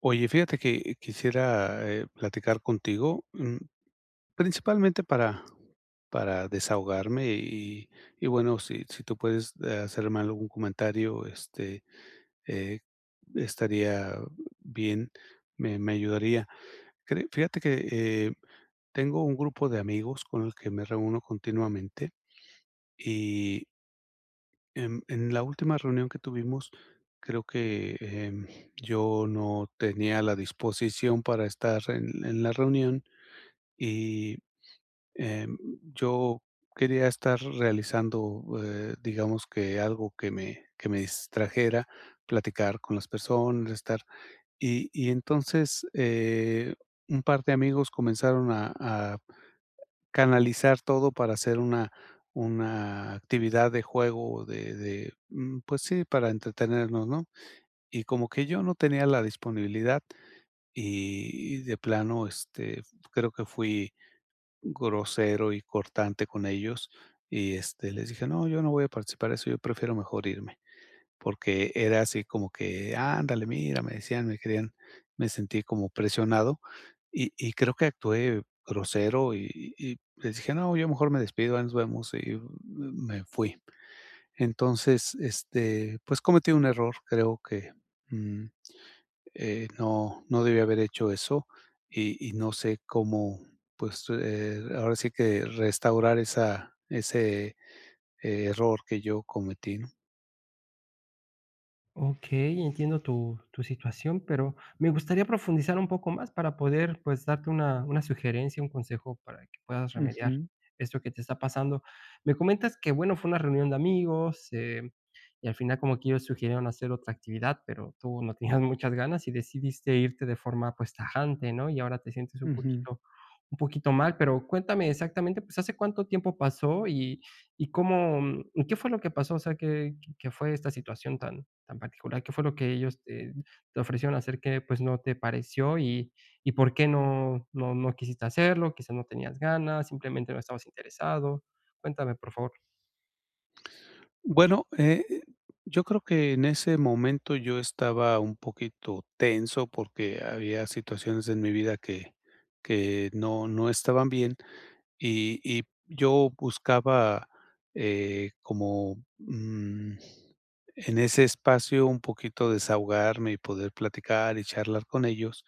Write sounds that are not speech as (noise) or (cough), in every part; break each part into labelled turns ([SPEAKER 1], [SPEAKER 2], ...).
[SPEAKER 1] Oye, fíjate que quisiera, eh, platicar contigo, mm, principalmente para para desahogarme y y bueno, si si tú puedes, de, ah, hacerme algún comentario, este, eh, estaría bien, me me ayudaría. Cre fíjate que, eh, tengo un grupo de amigos con el que me reúno continuamente, y en en la última reunión que tuvimos, creo que, em, yo no tenía la disposición para estar en en la reunión, y, em, yo quería estar realizando, eh, digamos, que algo que me que me distrajera, platicar con las personas, estar y y entonces, eh, un par de amigos comenzaron a a canalizar todo para hacer una una actividad de juego o de de mm, pues sí, para entretenernos, ¿no?, y como que yo no tenía la disponibilidad. Y y de plano, este, creo que fui grosero y cortante con ellos y, este, les dije: "No, yo no voy a participar eso, yo prefiero mejor irme". Porque era así como que: "Ándale, mira", me decían, me querían me sentí como presionado y y creo que actué grosero y y y les dije: "No, yo mejor me despido. Ahí nos vemos". Y, m me fui. Entonces, este, pues cometí un error, creo que, mm, eh, no no debí haber hecho eso y y no sé cómo, pues, eh, ahora sí que restaurar esa ese, eh, error que yo cometí, ¿no?
[SPEAKER 2] Okey, entiendo tu tu situación, pero me gustaría profundizar un poco más para poder, pues, darte una una sugerencia, un consejo para que puedas remediar
[SPEAKER 1] Ujú.
[SPEAKER 2] esto que te está pasando. Me comentas que, bueno, fue una reunión de amigos, eh, y al final como que ellos sugirieron hacer otra actividad, pero tú no (chuckles) tenías muchas ganas y decidiste irte de forma, pues tajante, ¿no? Y ahora te sientes un
[SPEAKER 1] Ujú.
[SPEAKER 2] poquito un poquito mal. Pero cuéntame exactamente, pues, ¿hace cuánto tiempo pasó y y cómo y qué fue lo que pasó, o sea, qué qué fue esta situación tan tan particular, qué fue lo que ellos te te ofrecieron hacer que, pues, no te pareció? ¿Y y por qué no no no quisiste hacerlo, quizás no tenías ganas, simplemente no estabas interesado? Cuéntame, por favor.
[SPEAKER 1] Bueno, e eh, yo creo que en ese momento yo estaba un poquito tenso porque había situaciones en mi vida que que no no estaban bien, y y yo buscaba, eh, como mm, en ese espacio un poquito desahogarme y poder platicar y charlar con ellos,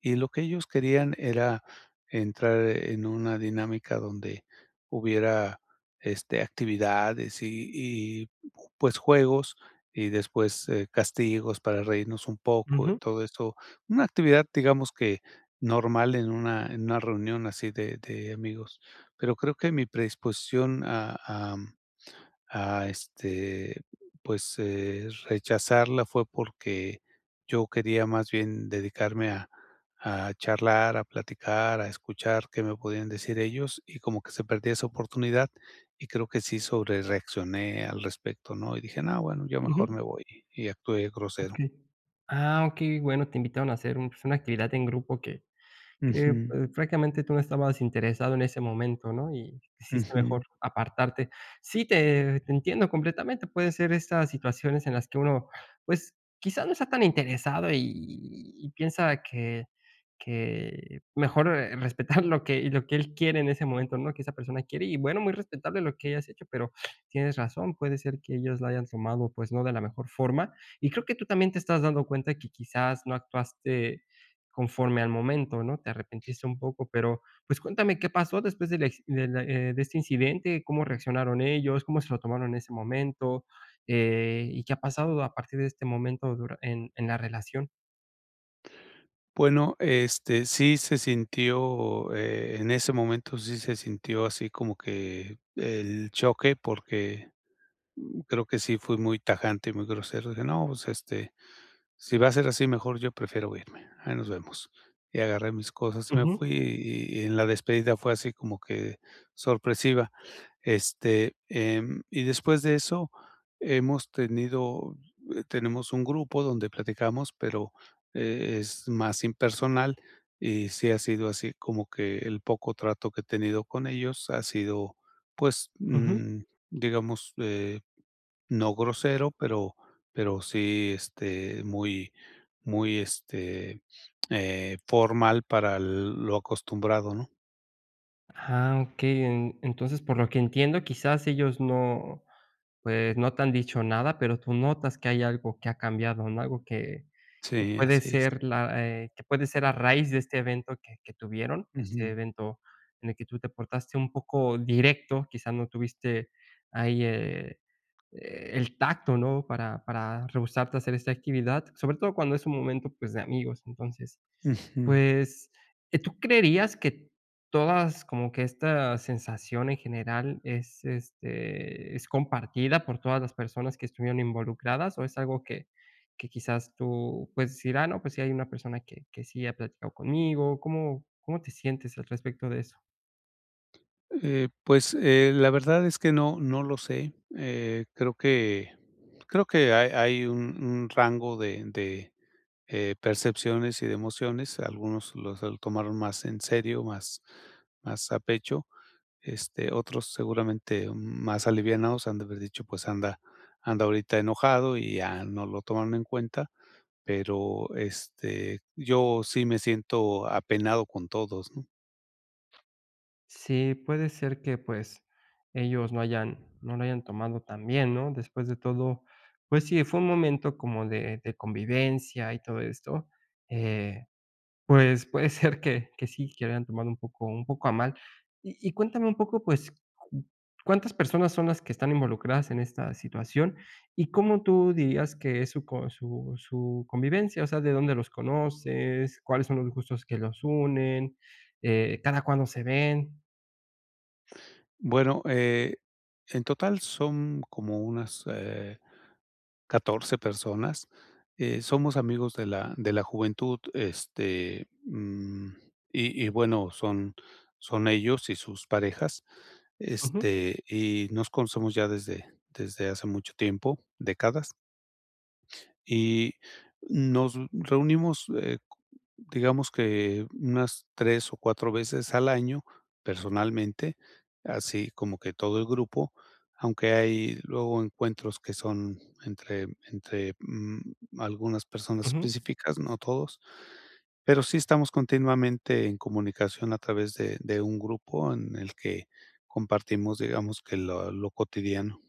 [SPEAKER 1] y lo que ellos querían era entrar en una dinámica donde hubiera, este, actividades y y j pues juegos y después, castigos para reírnos un poco y
[SPEAKER 2] Ujú.
[SPEAKER 1] todo eso. Una actividad, digamos que, normal en una en una reunión así de de amigos. Pero creo que mi predisposición a, am, a este, pues eh, rechazarla fue porque yo quería más bien dedicarme a a charlar, a platicar, a escuchar qué me podían decir ellos, y como que se perdió esa oportunidad, y creo que sí sobrereaccioné al respecto, ¿no? Y dije: "Nah, bueno, yo mejor
[SPEAKER 2] Ujú.
[SPEAKER 1] me voy", y actué grosero.
[SPEAKER 2] Okey. Ah, okey, bueno, te invitaron a hacer un, pues, una actividad en grupo que que, eh,
[SPEAKER 1] Ujú.
[SPEAKER 2] francamente, tú no estabas interesado en ese momento, ¿no?, y sí está mejor
[SPEAKER 1] Ujú.
[SPEAKER 2] apartarte. Sí, te te entiendo completamente. Puede ser estas situaciones en las que uno, pues, quizá no está tan interesado y y y piensa que que mejor, eh, (chuckles) respetar lo que lo que él quiere en ese momento, ¿no?, que esa persona quiere. Y bueno, muy respetable lo que hayas hecho, pero tienes razón, puede ser que ellos la hayan tomado, pues, no de la mejor forma. Y creo que tú también te estás dando cuenta que quizás no actuaste conforme al momento, ¿no?, te arrepentiste un poco, pero, pues, cuéntame, ¿qué pasó después del acci del, eh, de este incidente? ¿Cómo reaccionaron ellos, cómo se lo tomaron en ese momento? Eh, ¿y qué ha pasado a partir de este momento dura en en la relación?
[SPEAKER 1] Bueno, este, sí se sintió, eh, en ese momento sí se sintió así como que el choque, porque, mm, creo que sí fui muy tajante y muy grosero. Dije: "No, pues, este, si va a ser así, mejor yo prefiero irme, ahí nos vemos". Y agarré mis cosas y me fui
[SPEAKER 2] Ujú.
[SPEAKER 1] y y, en la despedida, fue así como que sorpresiva. Este, em, y después de eso, hemos tenido, eh, tenemos un grupo donde platicamos, pero, eh, es más impersonal y sí ha sido así, como que el poco trato que he tenido con ellos, ha sido, pues,
[SPEAKER 2] Ujú.
[SPEAKER 1] mm, digamos, eh, no grosero, pero pero sí, este, muy muy, este, eh, formal para lo acostumbrado, ¿no?
[SPEAKER 2] Ah, okey, en entonces por lo que entiendo quizás ellos no, pues, no te han dicho nada, pero tú notas que hay algo que ha cambiado, ¿no?, algo que que
[SPEAKER 1] Sí,
[SPEAKER 2] puede
[SPEAKER 1] así es.
[SPEAKER 2] ser la, eh, que puede ser a raíz de este evento que que tuvieron, este
[SPEAKER 1] Ujú.
[SPEAKER 2] evento en el que tú te portaste un poco directo, quizás no tuviste ahí, eh, el tacto ¿no?, para para rehusarte a hacer esta actividad, sobre todo cuando es un momento, pues, de amigos, entonces,
[SPEAKER 1] Ujú.
[SPEAKER 2] pues, eh, ¿tú creerías que todas como que esta sensación en general es, este, es compartida por todas las personas que estuvieron involucradas o es algo que que quizás tú, pues, dirá, no, pues, si hay una persona que que sí ha platicado conmigo? ¿Cómo cómo te sientes al respecto de eso?
[SPEAKER 1] Eh, pues eh, la verdad es que no no lo sé. Eh, creo que creo que hay hay un un rango de de, eh, percepciones y de emociones, algunos los el tomaron más en serio, más más a pecho. Este, otros seguramente m más alivianados han de haber dicho: "Pues anda, anda ahorita enojado". Y ya no lo toman en cuenta, pero, este, yo sí me siento apenado con todos ¿no?
[SPEAKER 2] Sí, puede ser que pues, ellos no hayan no lo hayan tomado tan bien, ¿no? Después de todo, pues sí, fue un momento como de de convivencia y todo esto. Eh, pues puede ser que que sí que lo hayan tomado un poco un poco a mal. Y y cuéntame un poco pues, ¿cu cuántas personas son las que están involucradas en esta situación? ¿Y cómo tú dirías que es su con su su convivencia? O sea, ¿de dónde los conoces? ¿Cuáles son los gustos que los unen? Eh, ¿cada cuándo se ven?
[SPEAKER 1] Bueno, eh, en total son como unas, eh, 14 personas, eh, somos amigos de la de la juventud, este, mm, y y bueno, son son ellos y sus parejas,
[SPEAKER 2] Ujú.
[SPEAKER 1] este, y nos conocemos ya desde desde hace mucho tiempo, décadas. Y nos reunimos, eh, cu digamos que unas 3 o 4 veces al año, personalmente, así como que todo el grupo, aunque hay luego encuentros que son entre entre, mm, algunas personas
[SPEAKER 2] Ujú.
[SPEAKER 1] específicas, no todos, pero sí estamos continuamente en comunicación a través de de un grupo en el que compartimos, digamos, que lo lo cotidiano.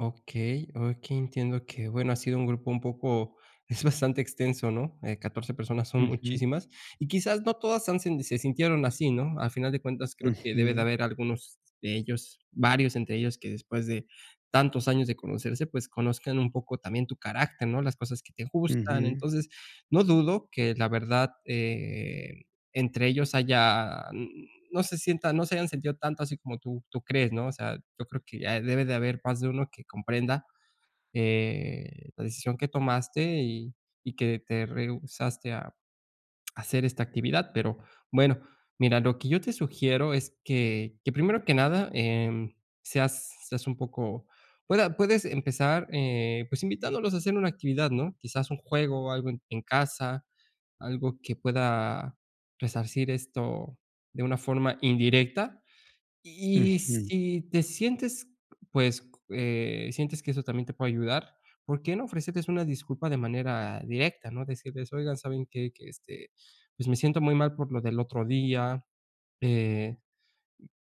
[SPEAKER 2] Okey, okey, entiendo que, bueno, ha sido un grupo un poco, es bastante extenso, ¿no?, eh, 14 personas son
[SPEAKER 1] Ujú.
[SPEAKER 2] muchísimas. Y quizás no todas han, se sintieron así, ¿no? Al final de cuentas, creo que debe de
[SPEAKER 1] Ujú.
[SPEAKER 2] haber algunos de ellos, varios entre ellos, que después de tantos años de conocerse, pues, conozcan un poco también tu carácter, ¿no?, las cosas que te gustan.
[SPEAKER 1] Ujú.
[SPEAKER 2] Entonces, no dudo que la verdad, eh, entre ellos haya, n no se sienta no se hayan sentido tanto, así como tú, tú crees, ¿no? O sea, yo creo que ya debe de haber más de uno que comprenda, eh, la decisión que tomaste y, y que te rehusaste a esta actividad. Pero bueno, mira, lo que yo te sugiero es que, que, primero que nada, em, seas seas un poco, pue a puedes empezar, eh, pues, invitándolos a hacer una actividad, ¿no?, quizás un juego o algo en en casa, algo que pueda resarcir esto de una forma indirecta. Y
[SPEAKER 1] Ujú.
[SPEAKER 2] si te sientes, pues, eh, sientes que eso también te puede ayudar, ¿por qué no ofrecerles una disculpa de manera directa, ¿no? Decirles: "Oigan, ¿saben qué?, que, este, pues, me siento muy mal por lo del otro día, eh,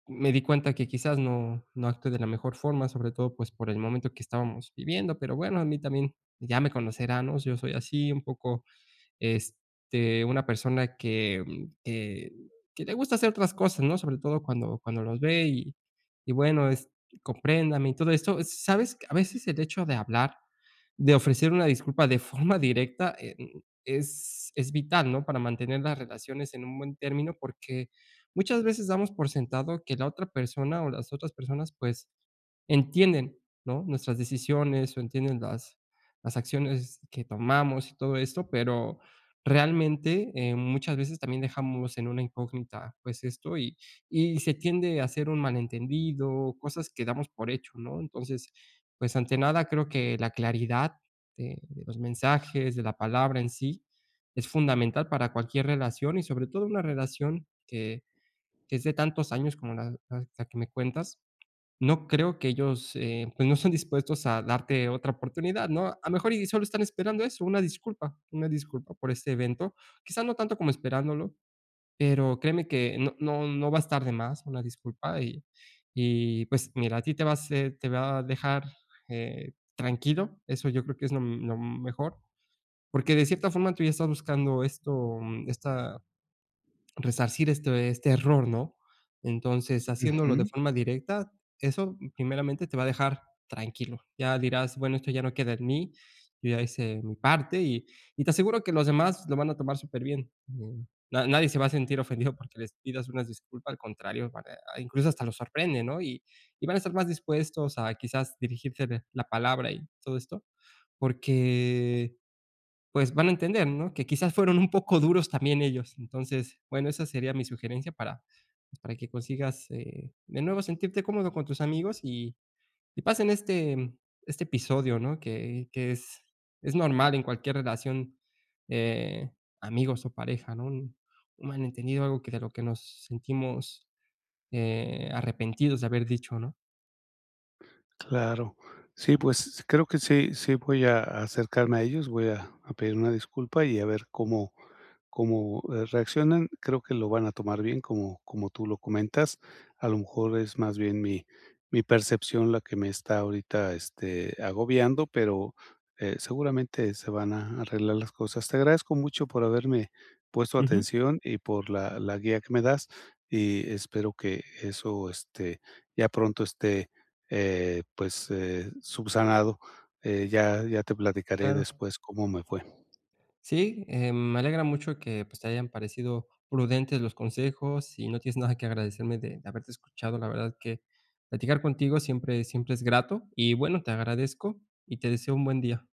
[SPEAKER 2] m me di cuenta que quizás no no actué de la mejor forma, sobre todo, pues, por el momento que estábamos viviendo, pero bueno, a mí también ya me conocerán, ¿no? Yo soy así, un poco, este, una persona que, mm, que, que le gusta hacer otras cosas, ¿no?, sobre todo cuando, cuando los ve, y, y bueno, es, compréndame y todo esto". Sabes, a veces el hecho de hablar, de ofrecer una disculpa de forma directa, eh, mm, es es vital, ¿no?, para mantener las relaciones en un buen término porque muchas veces damos por sentado que la otra persona o las otras personas, pues, entienden, ¿no?, nuestras decisiones o entienden las las acciones que tomamos y todo esto, pero realmente, em, muchas veces también dejamos en una incógnita, pues, esto y y se tiende a hacer un malentendido, cosas que damos por hecho, ¿no? Entonces, pues, ante nada creo que la claridad de de los mensajes, de la palabra en sí, es fundamental para cualquier relación y sobre todo una relación que, que es de tantos años como la la que me cuentas. No creo que ellos, eh, pues, no estén dispuestos a darte otra oportunidad, ¿no? A lo mejor, y solo están esperando eso, una disculpa, una disculpa por este evento. Quizá no tanto como esperándolo, pero créeme que no no no va a estar de más, una disculpa. Y y pues mira, a ti te va a hacer te va a dejar, eh, tranquilo. Eso yo creo que es lo, mm, lo m mejor. Porque de cierta forma tú ya estás buscando esto esta, resarcir este este error, ¿no? Entonces, haciéndolo de
[SPEAKER 1] Ujú.
[SPEAKER 2] forma directa, eso primeramente te va a dejar tranquilo. Ya dirás: "Bueno, esto ya no queda en mí, yo ya hice mi parte", y y te aseguro que los demás lo van a tomar súper bien. En, na nadie se va a sentir ofendido porque les pidas una disculpa, al contrario, eh, a, incluso hasta los sorprende, ¿no? Y y van a estar más dispuestos a quizás dirigirte la palabra y todo esto, porqué, pues van a entender, ¿no?, que quizás fueron un poco duros también ellos. Entonces, bueno, esa sería mi sugerencia para, pues para que consigas, eh, de nuevo sentirte cómodo con tus amigos y, y pasen este este episodio, ¿no?, que que es, es normal en cualquier relación, eh, amigos o pareja, ¿no?, un un malentendido, algo que de lo que nos sentimos, eh, arrepentidos de haber dicho, ¿no?
[SPEAKER 1] Claro. Sí, pues, creo que sí sí voy a acercarme a ellos, voy a a pedir una disculpa y a ver, cómo cómo, eh, reaccionan. Creo que lo van a tomar bien, como como tú lo comentas. A lo mejor es más bien mi mi percepción la que me está ahorita, este, agobiando, pero, eh, seguramente se van a arreglar las cosas. Te agradezco mucho por haberme puesto
[SPEAKER 2] Ujú.
[SPEAKER 1] atención y por la la guía que me das, y espero que eso, este, ya pronto esté, eh, pues, eh, subsanado, eh, ya ya te platicaré
[SPEAKER 2] Claro.
[SPEAKER 1] después cómo me fue.
[SPEAKER 2] Sí, em, me alegra mucho que, pues, te hayan parecido prudentes los consejos y no tienes nada que agradecerme de de haberte escuchado. La verdad que platicar contigo siempre siempre es grato. Y bueno, te agradezco y te deseo un buen día.